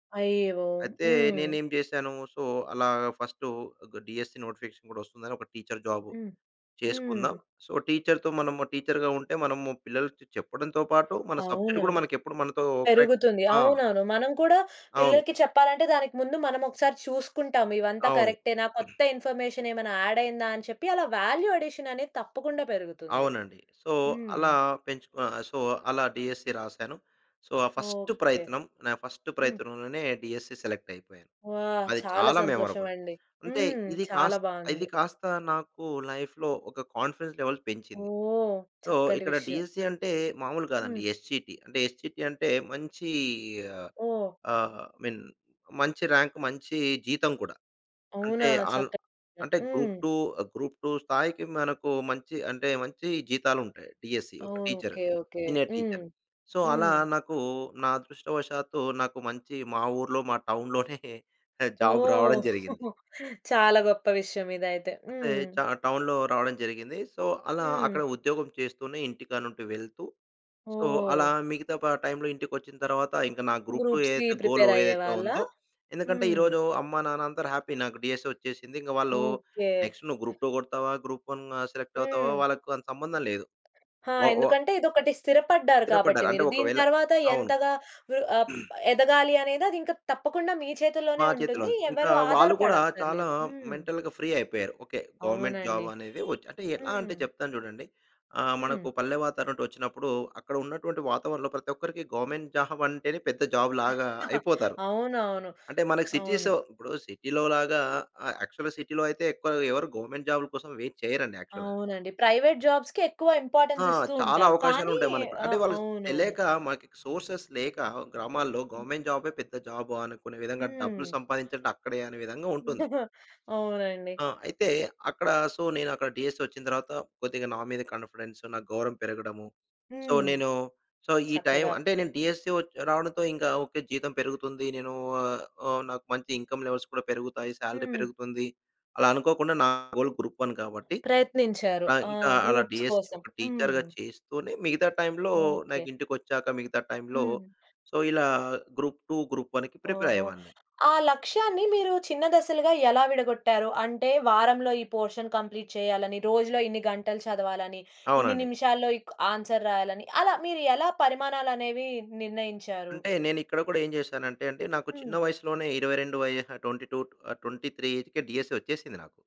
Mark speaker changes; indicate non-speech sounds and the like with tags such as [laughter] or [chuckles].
Speaker 1: అయ్యో!
Speaker 2: అయితే,
Speaker 1: హ్మ్.
Speaker 2: నేనేం జేశాను సో, అలాగ ఫస్టు గ డీఎస్సీ నోటిఫికేషన్ కూడొస్తుందని ఒక టీచర్ జాబ్
Speaker 1: హ్మ్. హ్మ్.
Speaker 2: చేసుకుందాం. సో, టీచర్‌తో మనము టీచర్‌గా ఉంటే, మనము పిల్లలకి చెప్పడంతో పాటు మన సబ్జెక్ట్ కూడా
Speaker 1: అవునవును.
Speaker 2: మనకెప్పుడూ మనతో కరెక్ట్.
Speaker 1: పెరుగుతుంది.
Speaker 2: ఆ!
Speaker 1: అవునవును. మనం కూడా
Speaker 2: అవును.
Speaker 1: పిల్లలకి చెప్పాలంటే, దానికి ముందు మనమోకసారి చూసుకుంటాం. ఇవంతా
Speaker 2: అవును.
Speaker 1: కరెక్టేనా, కొత్త
Speaker 2: [clears throat]
Speaker 1: ఇన్ఫర్మేషనేమైనా యాడయిందా అని చెప్పి, అలా వాల్యూ అడిషననేది తప్పకుండా పెరుగుతుంది.
Speaker 2: అవునండి. సో,
Speaker 1: హ్మ్.
Speaker 2: అలా పెంచుకు ఆహ్, సో అలా డీఎస్సీ రాసాను. సో, ఆ ఫస్టు
Speaker 1: ఓకే.
Speaker 2: ప్రయత్నం, నా ఫస్టు
Speaker 1: హ్మ్.
Speaker 2: ప్రయత్నంలోనే, డీఎస్సీ సెలెక్ట్‌యిపోయాను.
Speaker 1: ఆ!
Speaker 2: అది
Speaker 1: చాలా
Speaker 2: చాలా మెమరబుల్.
Speaker 1: సంతోషమండి.
Speaker 2: అంటే
Speaker 1: హ్మ్.
Speaker 2: ఇది
Speaker 1: చాలా
Speaker 2: కాస్ ఇది
Speaker 1: బావుంది.
Speaker 2: కాస్త నాకు లైఫ్‌లో ఒక కాన్ఫిడెన్స్ లెవెల్ పెంచింది.
Speaker 1: ఓహ్!
Speaker 2: సో,
Speaker 1: చక్కటి
Speaker 2: ఇక్కడ
Speaker 1: విషయం.
Speaker 2: డీఎస్సీ అంటే, మాములు కాదండి
Speaker 1: హ్మ్.
Speaker 2: ఎస్‌సిటి. అంటే, ఎస్‌సిటి అంటే మంచీ ఆహ్,
Speaker 1: ఓహ్!
Speaker 2: అ మిన్ మంచి ర్యాంక్ మంచి జీతం కూడా.
Speaker 1: అవునా?
Speaker 2: అంటే అల్
Speaker 1: చక్కటి [unintelligible]
Speaker 2: అంటే
Speaker 1: హ్మ్.
Speaker 2: గ్రూప్-2, గ్రూప్-2 స్థాయికి మనకు మంచి, అంటే మంచి జీతాలుంటాయి. డీఎస్సీ ఒక
Speaker 1: ఓహ్!
Speaker 2: టీచరు.
Speaker 1: ఓకే. ఓకే.
Speaker 2: సీనియర్
Speaker 1: హ్మ్.
Speaker 2: టీచరు. సో, అలా
Speaker 1: హ్మ్.
Speaker 2: నాకు నా అదృష్టవశాత్తు నాకు మంచి మా ఊర్లో, మా టౌన్‌లోనే జాబ్ రావడం
Speaker 1: ఓహ్!
Speaker 2: జరిగింది.
Speaker 1: [chuckles] చాలా గొప్ప విషయం ఇదయితే.
Speaker 2: అంటే చ
Speaker 1: హ్మ్.
Speaker 2: టౌన్‌లో రావడం జరిగింది. సో, అలా అక్కడ
Speaker 1: హ్మ్.
Speaker 2: ఉద్యోగం చేస్తూనే ఇంటికాడ్నుండి వెళ్తూ, సో అలా
Speaker 1: ఓహ్!
Speaker 2: మిగతా ప టైంలో ఇంటికొచ్చిన తరువాత, ఇంక నా గ్రూప్-2
Speaker 1: గ్రూప్స్‌కి
Speaker 2: ఏదైతే గోల్
Speaker 1: ప్రిపేర్
Speaker 2: ఏదైతే
Speaker 1: అయ్యేవాళ్ళా?
Speaker 2: ఉందో ఎందుకంటే
Speaker 1: హ్మ్.
Speaker 2: ఈరోజు అమ్మా నాన్న అందరూ హ్యాపీ నాకు డీఎస్సీ వచ్చేసింది. ఇంగ వాళ్ళు
Speaker 1: ఓకే.
Speaker 2: నెక్స్ట్ నువ్వు గ్రూప్-2 కొడతావా, గ్రూప్-1 సెలెక్టవుతావా,
Speaker 1: హ్మ్.
Speaker 2: వాళ్ళకి అంత సంబంధం లేదు.
Speaker 1: ఆ!
Speaker 2: వ వ
Speaker 1: ఎందుకంటే, ఇదొకటి స్థిరపడ్డారు కాబట్టి
Speaker 2: స్థిరపడ్డారు. అంటే
Speaker 1: మీరు. దీని
Speaker 2: ఒకవేళ
Speaker 1: తరువాత
Speaker 2: అవును.
Speaker 1: ఎంతగా ర్ ఆప్
Speaker 2: [clears throat]
Speaker 1: ఎదగాలి అనేది అదింక తప్పకుండా మీ
Speaker 2: మా
Speaker 1: చేతుల్లోనే
Speaker 2: చేతిలో
Speaker 1: ఉంటుంది.
Speaker 2: ఉంది. ఇంకా
Speaker 1: ఎవరు
Speaker 2: వాళ్ళు కూడా, చాలా
Speaker 1: ఆధారపడక్కర్లేదు. హ్మ్.
Speaker 2: మెంటల్‌గా ఫ్రీ అయిపోయారు. ఓకే. గవర్నమెంట్ జాబ్
Speaker 1: అవునండి.
Speaker 2: అనేది వచ్చి అంటే, ఎలా అంటే
Speaker 1: హ్మ్.
Speaker 2: చెప్తాను జూడండి. ఆహ్, మనకు
Speaker 1: హ్మ్.
Speaker 2: పల్లె వాతావరణం నుండొచ్చినప్పుడు, అక్కడ ఉన్నటువంటి వాతావరణంలో ప్రతి ఒక్కరికి గవర్నమెంట్ జాబంటేనే పెద్ద జాబ్ లాగా
Speaker 1: [chuckles]
Speaker 2: అయిపోతారు.
Speaker 1: అవునవును.
Speaker 2: అంటే మనకి
Speaker 1: అవును.
Speaker 2: సిటీసొ ఇప్పుడు సిటీ‌లో లాగా ఆహ్, యాక్చువల్‌గా సిటీ‌లో అయితే ఎక్కువ ఎవరు గవర్నమెంట్ జాబ్‌ల కోసం వెయిట్ చేయరండి యాక్చువల్‌గా.
Speaker 1: అవునండి. ప్రైవేట్ జాబ్స్‌కే ఎక్కువ
Speaker 2: ఆ!
Speaker 1: ఇంపార్టెన్స్ ఇస్తూ
Speaker 2: చాలా
Speaker 1: ఉంటారు. కానీ
Speaker 2: అవకాశాలుంటాయి మనకు. అంటే
Speaker 1: ఆహ్,
Speaker 2: వాళ్ళకి
Speaker 1: అవునవును.
Speaker 2: తెలియక మనకి సోర్సెస్ లేక, గ్రామాల్లో
Speaker 1: హ్మ్.
Speaker 2: గవర్నమెంట్ జాబే పెద్ద జాబా, అనుకునే విధంగా
Speaker 1: హ్మ్.
Speaker 2: డబ్బులు సంపాదించడం అక్కడే అనే విధంగా ఉంటుంది.
Speaker 1: [chuckles] అవునండి.
Speaker 2: ఆ! అయితే, అక్కడ సో, నేనక్కడ డీఎస్సీ ఒచ్చిన తరువాత కొద్దిగా నా మీద కాన్ఫిడెన్సు, నా గౌరవం పెరగడము. సో,
Speaker 1: హ్మ్.
Speaker 2: నేను సో ఈ టైం
Speaker 1: చక్కగా.
Speaker 2: అంటే నేను డీఎస్సీ ఒచ్ రావడంతో ఇంకా ఓకే. జీతం పెరుగుతుంది. నేను ఆహ్, ఓహ్, నాకు మంచి ఇన్‌కమ్ లెవెల్స్ కూడా పెరుగుతాయి, సాలరీ
Speaker 1: హ్మ్.
Speaker 2: పెరుగుతుంది. అలా అనుకోకుండా నా గోల్ గ్రూప్-1 కాబట్టి
Speaker 1: ప్రయత్నించారు.
Speaker 2: పాన్
Speaker 1: ఆ!
Speaker 2: ఇంకా అలా
Speaker 1: గ్రూప్స్
Speaker 2: డీఎస్సీ ఒక
Speaker 1: కోసం.హ్మ్.
Speaker 2: టీచర్‌గా చేస్తూనే, మిగతా టైంలో
Speaker 1: ఓకే.
Speaker 2: నాకింటికొచ్చాక మిగతా టైంలో
Speaker 1: హ్మ్.
Speaker 2: సో ఇలా గ్రూప్-2, గ్రూప్-1కి
Speaker 1: ఓహో!
Speaker 2: ప్రిపేరయ్యేవాన్ని.
Speaker 1: ఆ లక్ష్యాన్ని మీరు చిన్న దశలుగా ఎలా విడగొట్టారు? అంటే వారంలో ఈ పోర్షన్ కంప్లీట్ చేయాలని, రోజులో ఇన్ని గంటలు చదవాలని, ఇన్ని
Speaker 2: అవునండి.
Speaker 1: నిమిషాల్లో ఇక్ ఆన్సర్ రాయాలని. అలా మీరెలా పరిమాణాలు అనేవి నిర్ణయించారు?
Speaker 2: అంటే నేనిక్కడ కూడా ఏం జేశానంటే, అంటే నాకు చిన్న
Speaker 1: హ్మ్.
Speaker 2: వయసులోనే 22 వయహ 22 ఆహ్, 23 ఏజ్‌కే డీఎస్సీ ఒచ్చేసింది నాకు.